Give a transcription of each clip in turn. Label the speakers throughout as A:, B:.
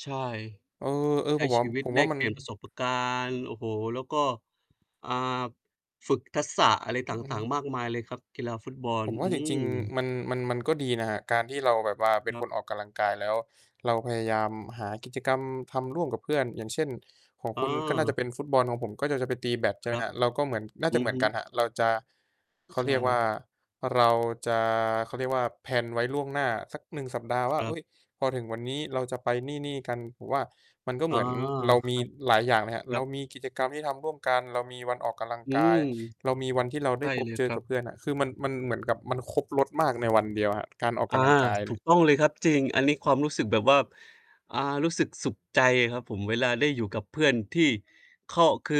A: ใช่
B: เออ
A: ใช
B: ๆ
A: ้
B: ผมว
A: ช
B: ่า
A: ีวิต
B: ผม
A: แล
B: ว่า
A: ก
B: มั
A: เป
B: น
A: ลี่ยนประสบการณ์ โอ้โฮ แล้วก็ อ่า ฝึกทักษะอะไร
B: อ
A: ต
B: ือฮ
A: ่า
B: ึ
A: ง ๆ มากมายเลยครับ กีฬาฟุตบอล
B: ผมว่
A: อ
B: า
A: ื
B: จริง
A: ม
B: ๆ มัน มัน มันก็ดีนะครับ การที่เราแบบว่าเป็
A: ค
B: น
A: รั
B: ค
A: บ
B: นออกกำลังกาย แล้วเราพยายามหากิจกรรมทำร่วมกับเพื่อน อย่างเช่น ของคุณก็น่าจ
A: เออ
B: ะเป็นฟุตบอล ของผมก็ จ จะไปตีแบด ใช่
A: ค
B: ไห
A: ร
B: ม
A: ั
B: ค
A: บ
B: รับ เราก็เหมือน น่า
A: อ
B: จะ
A: ื
B: เ
A: อ
B: หมื
A: ฮ
B: อนกัน
A: ึ
B: ครับ เราจะ เขา
A: ใช
B: เรียกว่
A: ่
B: าเราจะ เขาเรียกว่า แพลน ไว้ล่วงหน้าสัก 1 สัปดาห์
A: ค
B: ว่า
A: รั
B: เฮ
A: บ
B: ้ย พอถึงวันนี้เราจะไปนี่ ๆ กัน ผมว่ามันก็
A: อ
B: เห
A: ๋
B: ม
A: อ
B: ือนเรา
A: ค
B: มี
A: รับ
B: หลายอย่างเลยครับ
A: คร
B: เ
A: ั
B: รา
A: บ
B: มีกิจกรรมที่ทำร่วมกัน เรามีวันออกกำลัง
A: อื
B: กาย
A: ม
B: เรามีวันที่เราไ
A: ไ
B: ด
A: ด
B: ้
A: ้
B: พบ
A: เลย
B: เจ
A: ค
B: อ
A: รั
B: กับ
A: บ
B: เพื่อนอะ คือมัน มันเหมือนกับมันครบรสมากในวันเดียวอะ การออก
A: อ
B: ก
A: า
B: ำลังกาย
A: ถ
B: เน
A: ู
B: ี่ย
A: กต้องเลยครับ จริง อันนี้ความรู้สึกแบบว่า อ่า รู้สึกสุขใจครับผม เวลาได้อยู่กับเพื่อนที่เข้า คือ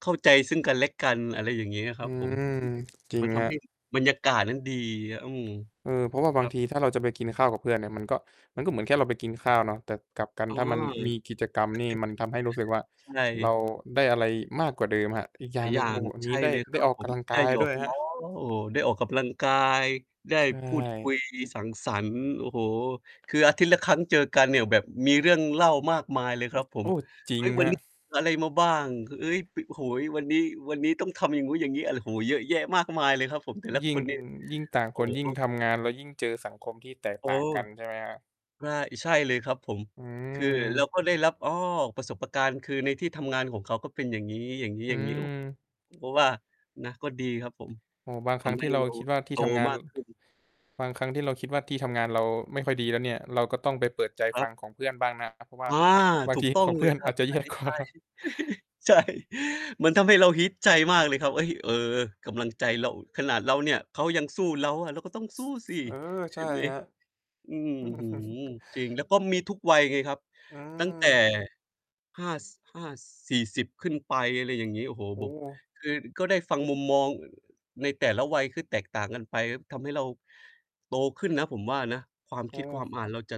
A: เข้าใจซึ่งกันและกัน อะไรอย่างงี้ค
B: อ
A: ร
B: ื
A: ับผม อือฮึ
B: ม จริ
A: มั
B: ง
A: นท
B: ครั
A: ำ ให้
B: บ
A: บรรยากาศนั้นดีอะ อืม
B: เออ เพราะว่าบ
A: ค
B: า
A: ร
B: ง
A: ับ
B: ทีถ้าเราจะไปกินข้าวกับเพื่อนเนี่ยมันก็ มันก็เหมือนแค่เราไปกินข้าวเนาะ แต่กลับกัน
A: อ๋อ
B: ถ้ามันมีกิจกรรมนี่มันทำให้รู้สึกว่า
A: ใช
B: เร
A: ่
B: าได้อะไรมากกว่าเดิมครับ อีกอย
A: หล
B: ่
A: า
B: า
A: ย
B: งหน
A: อ
B: ึ
A: ย
B: ่ง
A: ่า
B: โอ
A: ง
B: ้โฮ อัน
A: ใ
B: น
A: ช
B: ี้
A: ่
B: ได
A: เ
B: ้
A: ลย
B: ไ
A: ค
B: ด
A: ร
B: ้
A: ับ
B: ออก
A: ผ
B: ก
A: ม
B: ำลังก
A: ได้
B: าย
A: หยอ
B: ด้ว
A: ก
B: ยคร
A: ล
B: ั
A: ้
B: บ
A: อ โอ้โฮ ได้ออกกำลังกาย ได้
B: ใช
A: พูด ค
B: ่
A: ุย สังสรรค์ โอ้โฮ คืออาทิตย์ละครั้งเจอกันเนี่ย แบบมีเรื่องเล่ามากมายเลย
B: อ
A: ครับผ
B: โอ
A: ม
B: ้ จริ
A: เฮ
B: ง
A: ้ย ว
B: ค
A: ัน
B: รั
A: นี
B: บ
A: ้ เจออะไรมาบ้าง? ค เฮ้ย ป โอ้โฮ วันนี้ วันนี้ต้องทำอย่างงู้นอย่างงี้ อะไร โอ้โฮ เยอะแยะมากมายเลยครับผม แต่ละ
B: ย
A: ค
B: ิ่ง
A: น เนี่ย
B: ยิ่งต่าง
A: โอ
B: ค
A: ้
B: นยิ
A: โ
B: ่ง
A: ฮ
B: ทำงาน แล้วยิ่งเจอสังคมที่แตก
A: โอ้
B: ต่างกันใช่ไหมครับ?
A: ร่าย ใช่เลยครับผม
B: อื
A: คือเรา
B: ม
A: ก็ได้รับ อ้อ ประสบการณ์ คือในที่ทำงานของเขาก็เป็นอย่างงี้
B: อื
A: ๆ ๆ โอ้
B: ม
A: ก็ว่า นะ ก็ดีครับผม
B: อ๋อ บาง
A: ท
B: ครั้ง
A: ำใ
B: ท
A: ห
B: ี
A: ้
B: ่เรา
A: เรา
B: คิดว่าท
A: โ
B: ี
A: ต
B: ่ทำงา
A: ม
B: น
A: าก ขึ้น
B: บางครั้งที่เราคิดว่าที่ทำงานเราไม่ค่อยดีแล้วเนี่ย เราก็ต้องไปเปิดใจ
A: คร
B: ฟ
A: ับ
B: ังของเพื่อนบ้างนะ เพราะว่
A: อ
B: า
A: า
B: บาง
A: ถู
B: ที
A: กต้อ
B: ข
A: ง
B: องเ
A: เ
B: พ
A: ล
B: ื่
A: ย
B: อน
A: คร
B: อ
A: ั
B: า
A: บ
B: จจะ แ
A: อ
B: ย
A: ัน
B: ่
A: นี้
B: กว
A: ใ
B: ่
A: ช
B: า
A: ่ ใช่ มันทำให้เราฮิตใจมากเลยครับ เฮ้ย เออ กำลังใจเรา
B: อืม
A: ขนาดเราเนี่ย "เขายังสู้แล้วเราอะ เราก็ต้องสู้สิ"
B: เออ
A: ใ
B: ใ
A: ช
B: ช
A: ่
B: ่
A: ไหม
B: ครับ
A: อื้
B: อื
A: อฮื
B: ม
A: อ จริง แล้วก็มีทุกวัยไงครับ
B: อื
A: ตั้งแต่
B: ม
A: 5 ส 5 ส 40 ขึ้นไป อะไรอย่างงี้ โอ้โฮ
B: โอ้
A: ผม
B: โฮ
A: คือก็ได้ฟังมุมมอง อ ในแต่ละวัยคือแตกต่างกันไป ทำให้เรา โตขึ้นนะ ผมว่านะ ความ
B: โอ
A: ค
B: ้
A: ิด
B: โ
A: ความ
B: ฮ
A: อ่านเราจะ